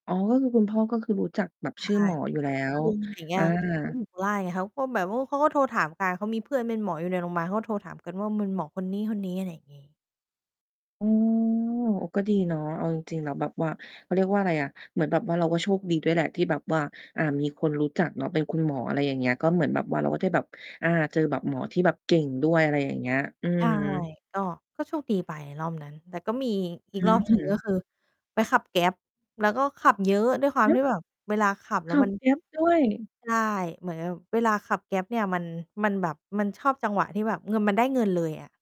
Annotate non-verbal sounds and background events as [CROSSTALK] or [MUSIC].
อ๋อ ก็คือคุณพ่อ ก็คือรู้จักแบบใช่ ชื่อหมออโยู่แล้อ้ คุว ณลุง อะไรอย่างเงีอ้า ย เขาอยู่ข้าง [UNINTELLIGIBLE] ไง เขาก็แบบว่า เขาก็โทรถามกัน เขามีเพื่อนเป็นหมออยู่ในโรงพยาบาลเขาก็โทรถามกันว่า มันหมอคนนี้ ๆ อะไรอย่างงี้ โอ้ ก็ดีเนาะ เอาจริง ๆ แล้วแบบว่า เขาเรียกว่าอะไรอะ เหมือนแบบว่า เราก็โชคดีด้วยแหละที่แบบว่า อ่า มีคนรู้จักเนาะเป็นคุณหมอ อะไรอย่างเงี้ย ก็เหมือนแบบว่าเราก็จะได้แบบ อา เจอแบบหมอที่แบบเก่งด้วย อะไรอย่างเงี้ย อืใช่ ม ก็ ก็โชคดีไปรอบนั้น แต่ก็มีอีก ออีก รอบหนึ่ง ก็ืม คือไปขับ Grab แล้วก็ขับเยอะด้วยความฮทีึ ่แบบเวลาขับแขล้วัมบ ัน Grab ด้วย ใช่ เหมือนแบบเวลาขับ Grab เนี่ยมัน มันแบบ มันชอบจังหวะที่แบบมันได้เงินเลยไง